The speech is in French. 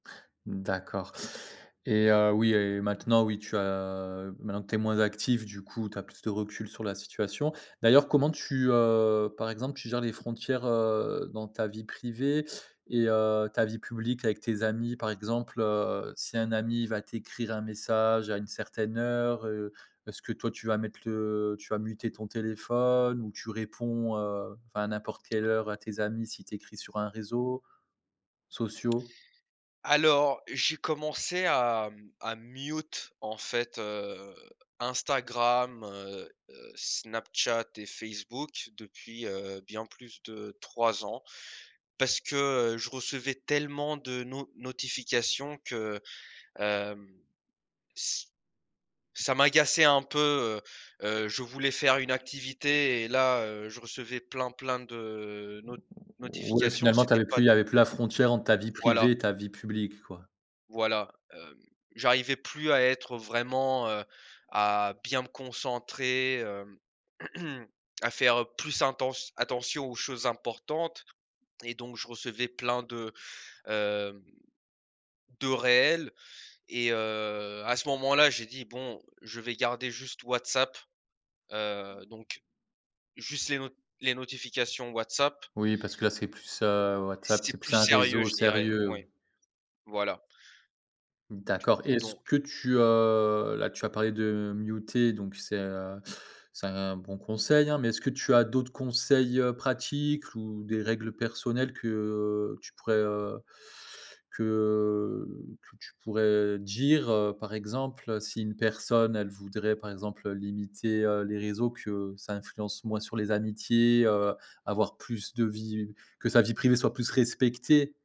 D'accord et heu, oui et maintenant, oui, tu as maintenant que tu es moins actif, du coup, tu as plus de recul sur la situation. D'ailleurs, comment tu, heu, par exemple, tu gères les frontières, heu, dans ta vie privée et heu, ta vie publique avec tes amis? Par exemple, heu, si un ami va t'écrire un message à une certaine heure, heu, est-ce que, toi, tu vas mettre le tu vas muter ton téléphone ou tu réponds, heu, enfin, à n'importe quelle heure à tes amis, s'il t'écrit sur un réseau, sociaux? Alors, j'ai commencé à, mmh, à mute, en fait, heu, Instagram, heu heu, Snapchat et Facebook depuis, heu, bien plus de 3 ans, parce que, heu, je recevais tellement de no notifications que, hem, ç ça m'agaçait un peu. Heu heu, je voulais faire une activité et là, heu, je recevais plein, plein de not O o o ouais, notifications, finalement, tu c'était avais pas plus il y des avait plus la frontière entre ta vie Donc voilà. privée et ta vie publique, quoi. Voilà, hem, j'arrivais plus à être, heu, vraiment, heu, à bien me concentrer, hem à faire, heu, plus intent attention aux choses importantes et donc je recevais plein de, hem, de réels et heu, à ce moment-là, j'ai dit: «Bon, je vais garder juste WhatsApp», Mmh heu donc juste les no les notifications WhatsApp. Oui, parce que, là, c'est plus, Heu, heu, WhatsApp, c'est c'est plus plus un sérieux, réseau je dirais, sérieux. oui. Voilà. Du D'accord et coup, est-ce donc que tu, heu, là, tu as parlé de muter donc c'est, heu, c'est un bon conseil, hein mais est-ce que tu as d'autres conseils, heu, pratiques ou des règles personnelles que, heu, tu pourrais, heu, que que tu pourrais dire, heu, par exemple, heu, si une personne, elle voudrait, par exemple, heu, limiter, heu, les réseaux, que ça influence moins sur les amitiés, heu, avoir plus de vie que sa vie privée soit plus respectée?